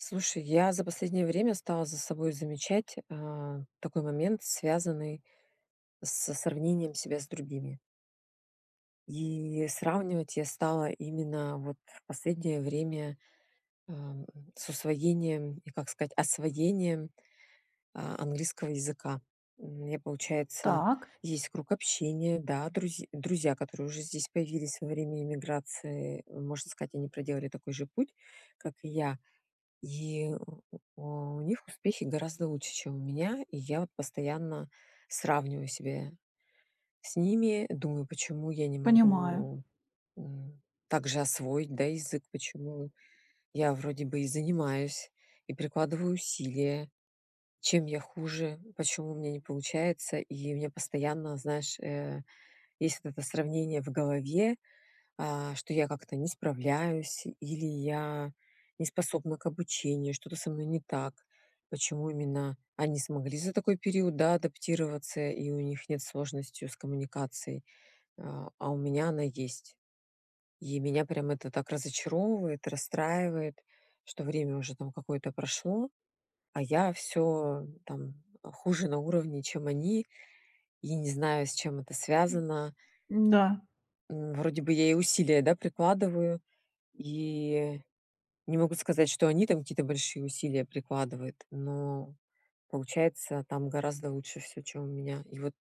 Слушай, я за последнее время стала за собой замечать, а, такой момент, связанный со сравнением себя с другими. И сравнивать я стала именно, вот, в последнее время, а, с усвоением и, как сказать, освоением а английского языка. Мне, получается, Так. есть круг общения, да, друз друзья, которые уже здесь появились во время иммиграции, можно сказать, они проделали такой же путь, как и я, и у у них успехи гораздо лучше, чем у меня. И я постоянно сравниваю себя с ними, думаю, почему я не Понимаю. могу, м, так же освоить, да, язык, почему я вроде бы и занимаюсь, и прикладываю усилия, чем я хуже? Почему у меня не получается? И у меня постоянно, знаешь, э, есть вот это сравнение в голове, а, что я как-то не справляюсь или я не способна к обучению, что-то со мной не так, почему именно они смогли за такой период, да, адаптироваться и у них нет сложности с коммуникацией, а а, у меня она есть. И меня прям это так разочаровывает, расстраивает, что время уже там какое-то прошло, а я всё, там, хуже на уровне, чем они, и не знаю, с чем это связано. Да. М, вроде бы я и усилия, да, прикладываю и не могу сказать, что они там какие-то большие усилия прикладывают, но получается там гораздо лучше всё, чем у меня. И вот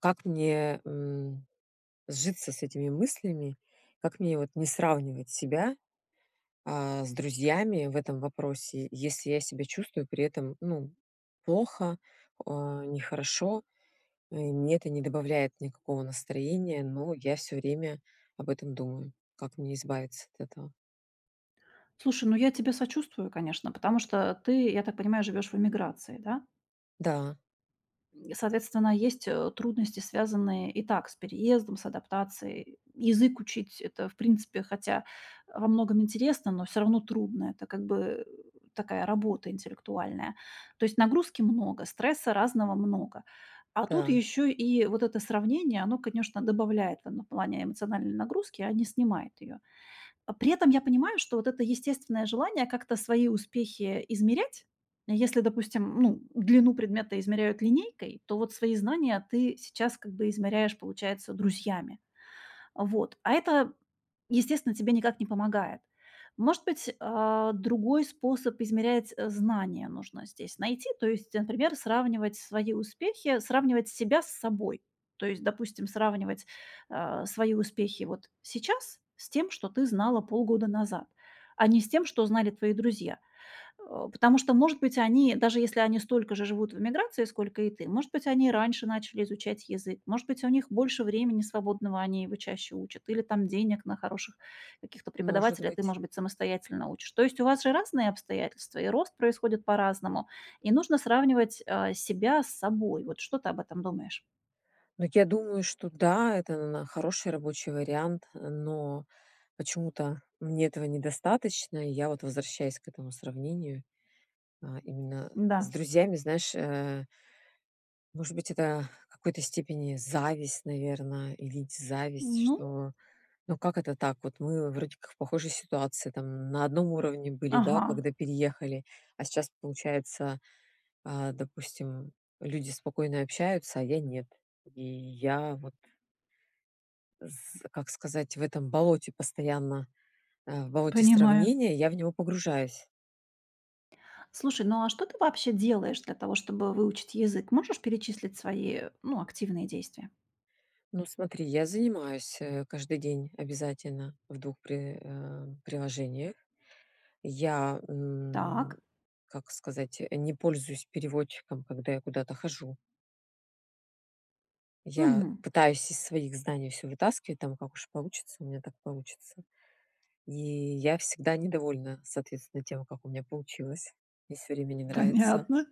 как мне, м, сжиться с этими мыслями, как мне вот не сравнивать себя, а, с друзьями в этом вопросе, если я себя чувствую при этом, ну, плохо, а, нехорошо. Мне это не добавляет никакого настроения, но я всё время об этом думаю. Как мне избавиться от этого? Слушай, ну, я тебе сочувствую, конечно, потому что ты, я так понимаю, живёшь в эмиграции, да? Да. Соответственно, есть, э, трудности, связанные и так с переездом, с адаптацией. Язык учить- это, в принципе, хотя, э, во многом интересно, но всё равно трудно. Это как бы такая работа интеллектуальная. То есть нагрузки много, стресса разного много. А тут Да. ещё и вот это сравнение- оно, конечно, добавляет, там, ну, в плане эмоциональной нагрузки, а не снимает её. Э, при этом я понимаю, что вот это естественное желание как-то свои успехи измерять если, допустим, ну, длину предмета измеряют линейкой, то вот свои знания ты сейчас как бы измеряешь, получается, друзьями. Вот. А это, естественно, тебе никак не помогает. Может быть, а, другой способ измерять, э, знания нужно здесь найти, то есть, например, сравнивать свои успехи сравнивать себя с собой. То есть, допустим, сравнивать, а, свои успехи вот сейчас с тем, что ты знала полгода назад, а не с тем, что знали твои друзья. Э, потому что, может быть, они, даже если они столько же живут в эмиграции, сколько и ты, может быть, они раньше начали изучать язык, может быть, у них больше времени свободного, они его чаще учат, или там денег на хороших каких-то Может преподавателей, а ты, быть. может быть, самостоятельно учишь. То есть у вас же разные обстоятельства, и рост происходит по-разному, и нужно сравнивать, а, себя с собой. Вот что ты об этом думаешь? Ну, я думаю, что да, это на хороший рабочий вариант, но почему-то мне этого недостаточно. Я вот возвращаюсь к этому сравнению, а, именно с Да. друзьями. Знаешь, э может быть, это в какой-то степени зависть, наверно, и ведь зависть, Ну. что ну как это так, вот мы вроде как в похожей ситуации, там, на одном уровне были, да, Ага. когда переехали, а сейчас, получается, а, допустим, люди спокойно общаются, а я нет. И я вот с как сказать, в этом болоте постоянно, э, в болоте Понимаю. сравнения, я в него погружаюсь. Слушай, ну, а что ты вообще делаешь для того, чтобы выучить язык? Можешь перечислить свои, ну, активные действия? Ну, смотри, я занимаюсь, э, каждый день обязательно в двух при э, приложениях. Я, м, Так. как сказать, э, не пользуюсь переводчиком, когда я куда-то хожу. Я Мгм. пытаюсь из своих знаний всё вытаскивать, там, как уж получится у меня, так получится. И я всегда недовольна, соответственно, тем, как у меня получилось. Мне всё время не нравится. Понятно.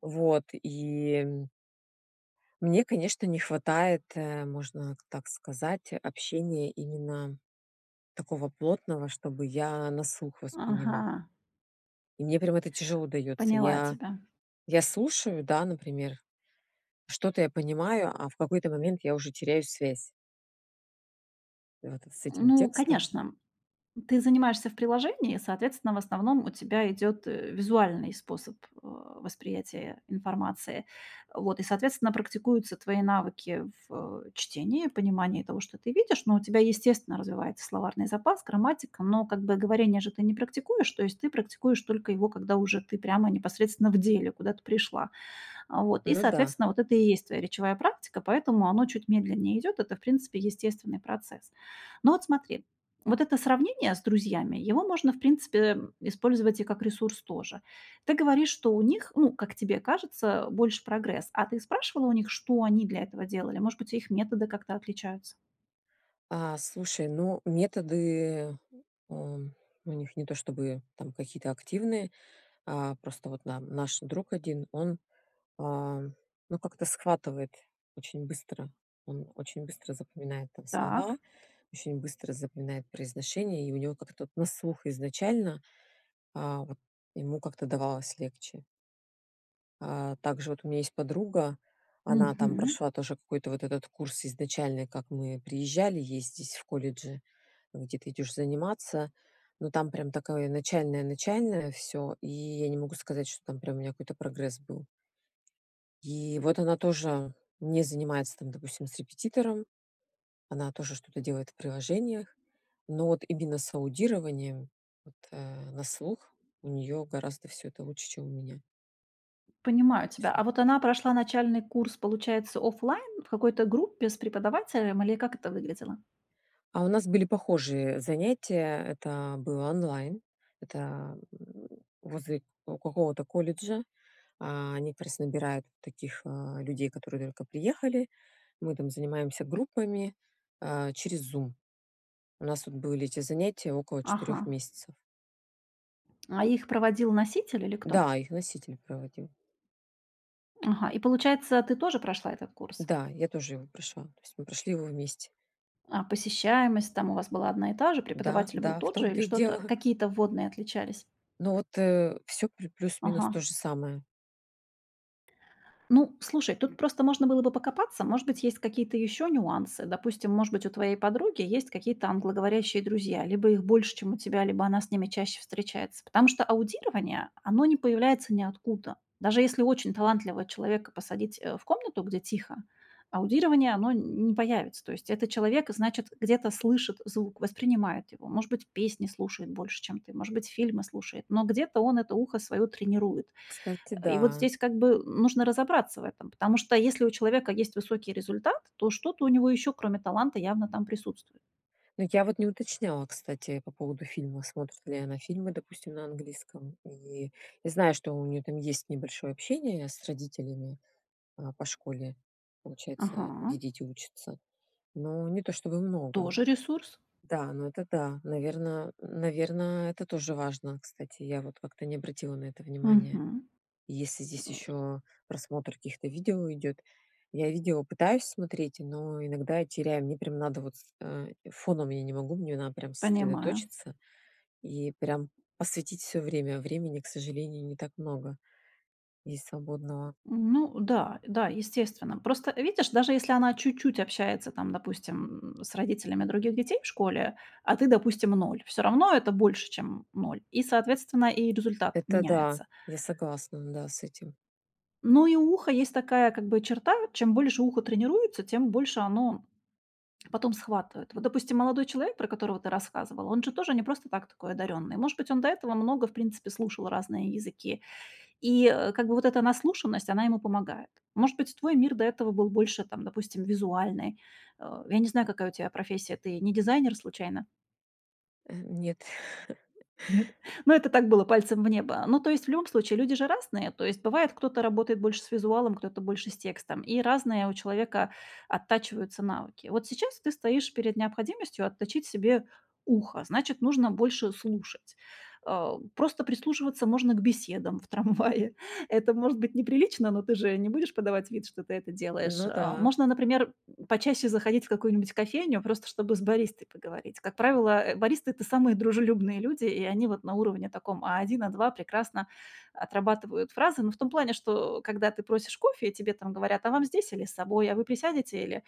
Вот, и м мне, конечно, не хватает, э, можно так сказать, общения именно такого плотного, чтобы я на слух воспринимала. Ага. И мне прям это тяжело даётся. Поняла Я, тебя. я слушаю, да, например, что-то я понимаю, а в какой-то момент я уже теряю связь вот с этим Ну, текстом. конечно. Ты занимаешься в приложении, соответственно, в основном у тебя идёт, э, визуальный способ, а, восприятия информации. Вот, и, соответственно, практикуются твои навыки в, э, чтении, понимании того, что ты видишь, но у тебя, естественно, развивается словарный запас, грамматика. Но, как бы, говорение же ты не практикуешь. То есть ты практикуешь только его, когда уже ты прямо, непосредственно, в деле куда-то пришла. А, вот. И, Ну да. соответственно, вот это и есть твоя речевая практика, поэтому оно чуть медленнее идёт, это, в принципе, естественный процесс. Но от смотри, вот это сравнение с друзьями, его можно, в принципе, эм, использовать и как ресурс тоже. Ты говоришь, что у них, ну, как тебе кажется, больше прогресс, а ты спрашивала у них, что они для этого делали? Может быть, их методы как-то отличаются? А, слушай, ну, методы, эм, у них не то чтобы там какие-то активные. А, просто вот нам наш друг один, он, а, ну, как-то схватывает очень быстро, он очень быстро запоминает там слова, Так. очень быстро запоминает произношение, и у него как-то от на слух изначально. А вот ему как-то давалось легче. А, также, вот, у меня есть подруга, она там Мгм. прошла тоже, какой-то, вот этот курс, изначальный, как мы приезжали, есть здесь в колледже, где ты идешь заниматься, но там прям такое, начальное-начальное всё, и я не могу сказать, что, там, прям, у нее какой-то прогресс был. И вот она тоже, не занимается, там, допустим, с репетитором, она тоже что-то делает в приложениях, но вот именно с аудированием, вот, э, на слух, у нее гораздо всё это лучше, чем у меня. Понимаю То тебя, есть она а вот она прошла начальный курс, получается, офлайн в какой-то группе с преподавателем или как это выглядело? А у нас были похожие занятия. Это было онлайн, это, м, возле какого-то колледжа. А, они как раз набирают таких, а, людей, которые только приехали. Мы там занимаемся группами, а, через "Зум". У нас тут были эти занятия около 4 Ага. месяцев. А их проводил носитель или кто? Да, их носитель проводил. Ага, и, получается, ты тоже прошла этот курс? Да, я тоже его прошла, то есть мы прошли его вместе. А посещаемость, там, у вас была одна и та же, Да, преподаватель был да, в тот же, или том-то и что-то дело. какие-то вводные отличались? Но вот, э, всё плю плюс минус Ага. тоже самое. Ну, слушай, тут просто можно было бы покопаться. Может быть, есть какие-то ещё нюансы. Допустим, может быть, у твоей подруги есть какие-то англоговорящие друзья, либо их больше, чем у тебя, либо она с ними чаще встречается. Потому что аудирование, оно не появляется ниоткуда. Даже если очень талантливого человека посадить, э, в комнату, где тихо, аудирование, оно н не появится. То есть этот человек, значит, где-то слышит звук, воспринимает его, может быть, песни слушает больше, чем ты, может быть фильмы слушает, но где-то он это ухо свое тренирует. Кстати, Э, и вот да. здесь, как бы, нужно разобраться в этом, потому что если у человека есть высокий результат, то что-то у него еще, кроме таланта явно там присутствует. Ну, я вот не уточняла, кстати, по поводу фильмов, смотрит ли она фильмы, допустим, на английском. И, я знаю, что у нее там есть небольшое общение с родителями, а, по школе, получается, где Ага. дети учатся, но не то, чтобы много. Тоже ресурс. Да, но это да, наверно н наверно, это тоже важно. Кстати, я вот как-то не обратила на это внимание, Мгм. если здесь еще просмотр каких-то видео идет. Я видео пытаюсь смотреть, но иногда я теряю, мне прям надо вот с э, фоном я не могу, мне надо прям Понимаю. сосредоточиться, и прям посвятить всё время. Времени к сожалению не так много есть свободного. М, ну да, да, естественно. Просто видишь, даже если она чуть-чуть общается там, допустим, м, с родителями других детей в школе, а ты, допустим, 0, всё равно это больше чем, м, 0. И, соответственно, и результат Это да, меняется. я согласна, да, с этим. Ну, и у уха есть такая как бы черта- чем больше ухо тренируется, тем больше оно потом схватывает. Вот, допустим, молодой человек, про которого ты рассказывала, он же тоже не просто так такой одаренный. Может быть, он до этого много в принципе слушал разные языки, и, э, как бы вот эта наслушанность, она ему помогает. Может быть, твой мир до этого был больше, там, допустим, визуальный. Э, я не знаю, какая у тя профессия, ты не дизайнер случайно? Э, нет. Нет? Ну, это так было, пальцем в небо. Ну, то есть в любом случае люди же разные, то есть бывает, кто-то работает больше с визуалом, кто-то больше с текстом, и разные у человека оттачиваются навыки. Вот сейчас ты стоишь перед необходимостью отточить себе ухо, значит нужно больше слушать. А, просто прислушиваться можно к беседам в трамвае, это может быть неприлично, но ты же не будешь подавать вид, что ты это делаешь, Ну а. да. Можно, например, почаще заходить в какую-нибудь кофейню, просто чтобы с баристой поговорить. Как правило, э, баристы- это самые дружелюбные люди, и они вот на, уровне таком А1, А2 прекрасно отрабатывают фразы, ну, в том плане, что, когда ты просишь кофе и тебе там говорят: "А вам здесь или с собой? А вы присядете или,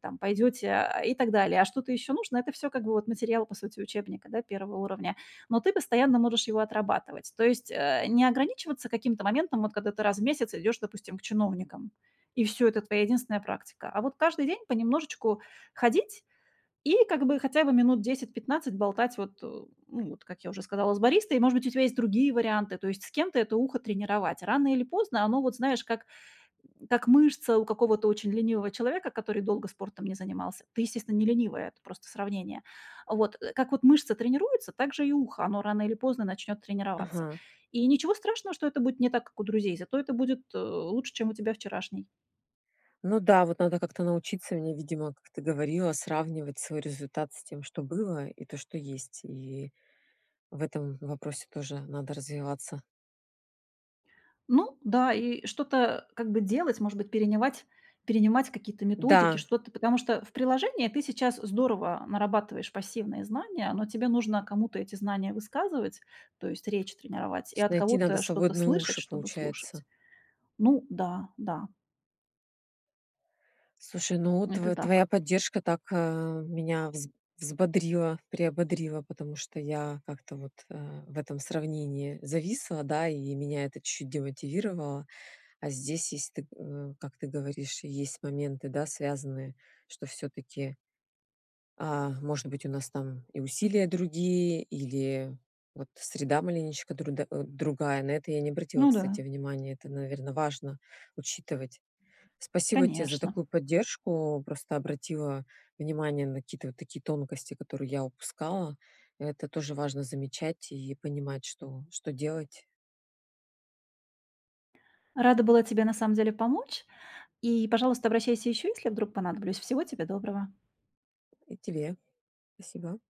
там, пойдёте?" Э, и так далее. "А что-то ещё нужно?"- Это всё как бы вот материал, по сути, учебника, да, 1 уровня. Но ты постоянно можешь его отрабатывать, то есть, э, не ограничиваться каким-то моментом, вот когда ты раз в месяц идёшь, допустим, к чиновникам, и всё, это твоя единственная практика. А вот каждый день понемножечку ходить и как бы хотя бы минут 10-15 болтать вот, ну, вот как я уже сказала, с баристой. И, может быть, у тебя есть другие варианты, то есть с кем-то это ухо тренировать. Рано или поздно оно вот, знаешь, как как мышца у какого-то очень ленивого человека, который долго спортом не занимался. Ты, естественно, не ленивая, это просто сравнение. Вот, э, как вот мышца тренируется, так же и ухо, оно рано или поздно начнет тренироваться. Мгм. И ничего страшного, что это будет не так, как у друзей, зато это будет, э, лучше, чем у тебя вчерашней. Ну да, вот надо как-то научиться мне, видимо, как ты говорила, сравнивать свой результат с тем, что было, и то, что есть. И в этом вопросе тоже надо развиваться. Ну да, и что-то как бы делать, может быть, перенимать перенимать какие-то методики, Да. что-то. Потому что в приложении ты сейчас здорово нарабатываешь пассивные знания, но тебе нужно кому-то эти знания высказывать, то есть речь тренировать, То и есть от найти надо кого-то что-то свободные слышать, уши, чтобы получается. слушать. Ну да, да. Слушай, ну, Это тв твоя так. поддержка так, э, меня вз взбодрила, приободрила, потому что я как-то вот, э, в этом сравнении зависла, да, и меня это чуть-чуть демотивировало. А здесь, если ты э, как ты говоришь, есть моменты, да, связанные, что всё-таки а, может быть, у нас там и усилия другие или, вот, среда маленечко друда э, другая. На это я не обратила, Ну кстати, да. внимание. Это, наверно, важно учитывать. Спасибо те за Конечно. такую поддержку. Просто обратила внимание на какие-то вот такие тонкости, которые я упускала. А это тоже важно замечать и понимать, что что делать. Рада была тебе, на самом деле, помочь, и, пожалуйста, обращайся еще, если вдруг понадоблюсь. Всего тебе доброго. И тебе спасибо.